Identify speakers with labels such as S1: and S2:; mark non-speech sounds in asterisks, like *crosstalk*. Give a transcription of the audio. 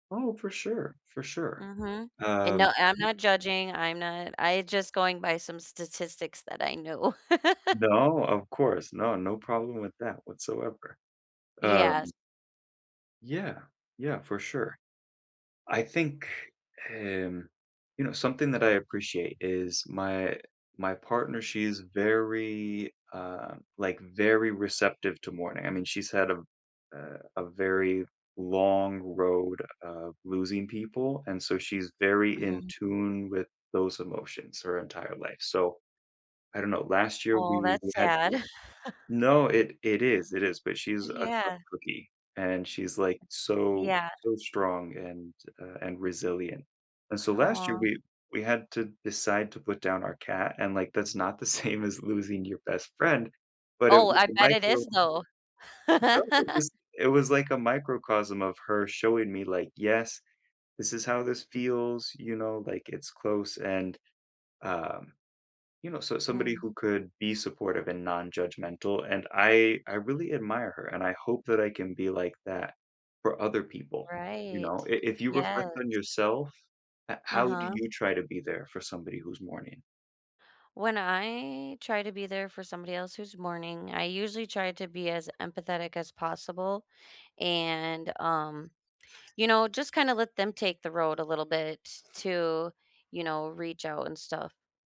S1: Oh, for sure, for sure.
S2: Mhm. And
S1: Um,
S2: no, I'm
S1: m
S2: not judging, I'm not I just going by some statistics that I know. *laughs*
S1: No, of course. No, no problem with that whatsoever, um
S2: Yes.
S1: Yeah. Yeah, for sure. I think, um you know, something that I appreciate is my my partner, she's very, uh like, very receptive to mourning. I mean, she's had a v a a very long road of losing people, and so she's very in
S2: Mhm.
S1: tune with those emotions her entire life, so I don't know, last year
S2: Aw,
S1: we
S2: that's
S1: we had
S2: sad.
S1: to No,
S2: *chuckles*
S1: it it is it is, but she's a tough
S2: Yeah.
S1: cookie, and she's, like, so
S2: Yeah.
S1: so strong and uh, and resilient, and so last year,
S2: Aw.
S1: we we had to decide to put down our cat, and, like, that's not the same as losing your best friend, but it
S2: Oh,
S1: was
S2: I
S1: a
S2: bet it
S1: micro
S2: is, though.
S1: No, it
S2: *laughs*
S1: was it was, like, a microcosm of her showing me, like, "Yes, this is how this feels," you know, like, it's close, and, um, you know, so somebody
S2: Mm.
S1: who could be supportive and nonjudgmental, and I I really admire her, and I hope that I can be like that for other people, you
S2: Right.
S1: know? I if you
S2: Yes.
S1: reflect on yourself, h how do
S2: Uh-huh.
S1: you try to be there for somebody who's mourning?
S2: When I try to be there for somebody else who's mourning, I usually try to be as empathetic as possible, and, um, you know, just kinda let them take the road a little bit to, you know, reach out and stuff.